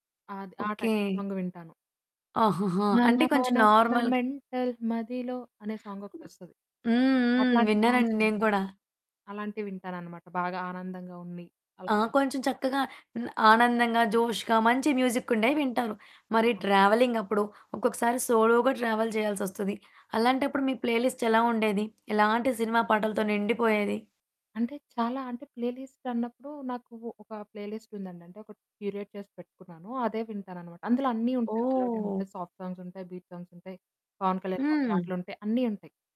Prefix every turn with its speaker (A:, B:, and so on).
A: అది. ఆ
B: okay.
A: Title song వింటాను.
B: ఆహాహా!
A: మన
B: అంటే కొంచెం
A: మన మన
B: నార్మల్‌గా.
A: మెంటల్ మదిలో అనే
B: హ్మ్.
A: సాంగొకటొస్తది.
B: హ్మ్.
A: అట్లాంటి సాంగ్స్
B: విన్నానండి నేను
A: వింటా.
B: కూడా.
A: అలాంటివి వింటాననమాట బాగా ఆనందంగా ఉంది.
B: ఆ!
A: అవును.
B: కొంచెం చక్కగా హ్మ్. ఆనందంగా జోష్‌గా మంచి మ్యూజికుండేవి వింటారు. మరి ట్రావెలింగప్పుడు ఒక్కొక్కసారి సోలోగా ట్రావెల్ చేయాల్సోస్తది. అలాంటప్పుడు మీ ప్లే లిస్ట్ ఎలావుండేది? ఎలాంటి సినిమా పాటలతో నిండిపోయేది?
A: అంటే చాలా అంటే ప్లే లిస్ట్ అన్నప్పుడు నాకు ఒక ప్లే లిస్ట్ ఉందండి. అంటే ఒకటి క్యూరేట్ చేసి పెట్టుకున్నాను. అదే వింటాననమాట. అందులో అన్నీ ఉంటాయి మెలోడీ
B: ఓహ్!
A: ఉంటయి, సాఫ్ట్ సాంగ్స్ ఉంటయి, బీట్ సాంగ్స్ ఉంటయి. 'పవన్ కళ్యాణ్' గారి
B: హ్మ్.
A: పాటలుంటయి అన్నీ ఉంటయి.